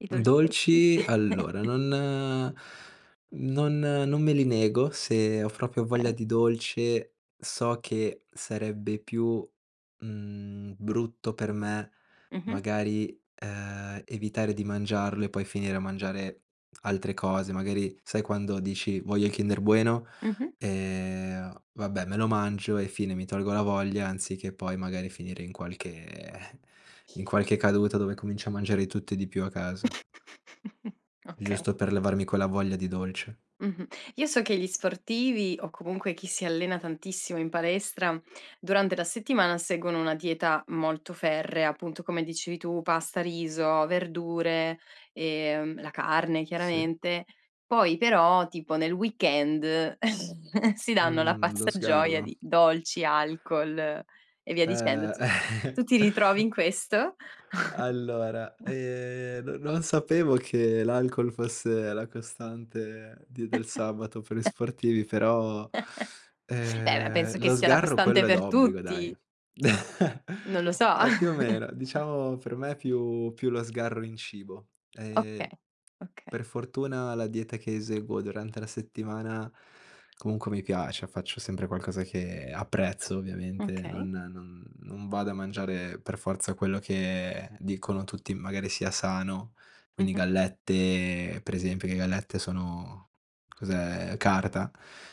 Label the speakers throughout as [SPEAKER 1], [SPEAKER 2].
[SPEAKER 1] I dolcetti.
[SPEAKER 2] Dolci, allora non non non me li nego. Se ho proprio voglia
[SPEAKER 1] Okay.
[SPEAKER 2] di dolce so che sarebbe più, mhmm, brutto per me
[SPEAKER 1] Mh-mh.
[SPEAKER 2] magari, uhm, evitare di mangiarlo e poi finire a mangiare altre cose. Magari sai quando dici: "Voglio il kinder bueno,
[SPEAKER 1] Mh-mh.
[SPEAKER 2] ehm, vabbè me lo mangio e fine." Mi tolgo la voglia anziché poi magari finire in qualche eh, in qualche caduta dove comincio a mangiare di tutto e di più a casa.
[SPEAKER 1] Okay.
[SPEAKER 2] Giusto per levarmi quella voglia di dolce.
[SPEAKER 1] Mh-mh. Io so che gli sportivi, o comunque chi si allena tantissimo in palestra, durante la settimana seguono una dieta molto ferrea, appunto come dicevi tu, pasta, riso, verdure, ehm, la carne
[SPEAKER 2] Sì.
[SPEAKER 1] chiaramente. Poi però tipo nel weekend si danno alla
[SPEAKER 2] Mhmm, lo
[SPEAKER 1] pazza gioia
[SPEAKER 2] sgarro.
[SPEAKER 1] di dolci, alcol e via
[SPEAKER 2] Ehm
[SPEAKER 1] dicendo. Tu tu ti ritrovi in questo?
[SPEAKER 2] Allora, ehm, no non sapevo che l'alcol fosse la costante di del sabato per gli sportivi, però,
[SPEAKER 1] Eh beh,
[SPEAKER 2] ehm,
[SPEAKER 1] penso che
[SPEAKER 2] lo
[SPEAKER 1] sia la
[SPEAKER 2] sgarro
[SPEAKER 1] costante
[SPEAKER 2] quello è
[SPEAKER 1] per
[SPEAKER 2] d'obbligo dai.
[SPEAKER 1] tutti. Non lo so.
[SPEAKER 2] Eh, più o meno, diciamo per me più più lo sgarro in cibo.
[SPEAKER 1] Okay,
[SPEAKER 2] Ehm,
[SPEAKER 1] okay.
[SPEAKER 2] per fortuna la dieta che eseguo durante la settimana comunque mi piace, faccio sempre qualcosa che apprezzo, ovviamente,
[SPEAKER 1] Okay.
[SPEAKER 2] non non non vado a mangiare per forza quello che dicono tutti, magari sia sano. Quindi
[SPEAKER 1] Mh-mh.
[SPEAKER 2] gallette per esempio, le gallette sono cos'è? Carta.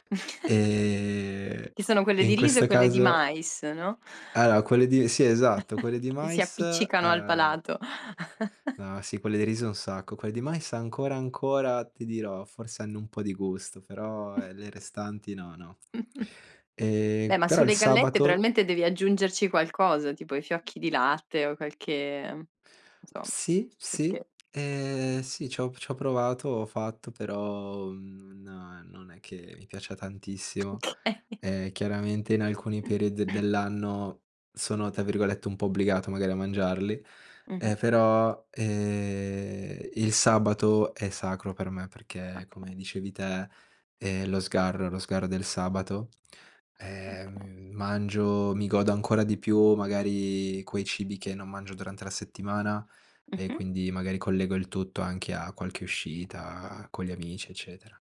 [SPEAKER 2] Ehm,
[SPEAKER 1] Ci sono quelle
[SPEAKER 2] e
[SPEAKER 1] di
[SPEAKER 2] in
[SPEAKER 1] riso e
[SPEAKER 2] questa
[SPEAKER 1] quelle di
[SPEAKER 2] caso
[SPEAKER 1] mais, no.
[SPEAKER 2] allora quelle di sì, esatto, quelle di
[SPEAKER 1] Che si
[SPEAKER 2] mais,
[SPEAKER 1] appiccicano al
[SPEAKER 2] ehm
[SPEAKER 1] palato.
[SPEAKER 2] No, sì, quelle di riso un sacco. Quelle di mais ancora ancora, ti dirò, forse hanno un po' di gusto, però ehm le restanti no, no.
[SPEAKER 1] Beh,
[SPEAKER 2] Ehm,
[SPEAKER 1] ma
[SPEAKER 2] però il
[SPEAKER 1] sulle gallette
[SPEAKER 2] sabato
[SPEAKER 1] probabilmente devi aggiungerci qualcosa, tipo i fiocchi di latte o qualche mhmm, non so,
[SPEAKER 2] Sì, sì,
[SPEAKER 1] qualche
[SPEAKER 2] ehm, sì, c'ho p c'ho provato, ho fatto, però non non è che mi piaccia tantissimo.
[SPEAKER 1] Okay.
[SPEAKER 2] Eh, chiaramente in alcuni periodi dell'anno sono tra virgolette un po' "obbligato" magari a mangiarli,
[SPEAKER 1] Mh-mh.
[SPEAKER 2] eh, però, ehm, il sabato è sacro per me, perché come
[SPEAKER 1] Appo
[SPEAKER 2] dicevi te, ehm, lo sgarro lo sgarro del sabato,
[SPEAKER 1] Okay.
[SPEAKER 2] ehm, mangio, mi godo ancora di più magari quei cibi che non mangio durante la settimana e
[SPEAKER 1] Mh-mh.
[SPEAKER 2] quindi magari collego il tutto anche a qualche uscita con gli amici, eccetera.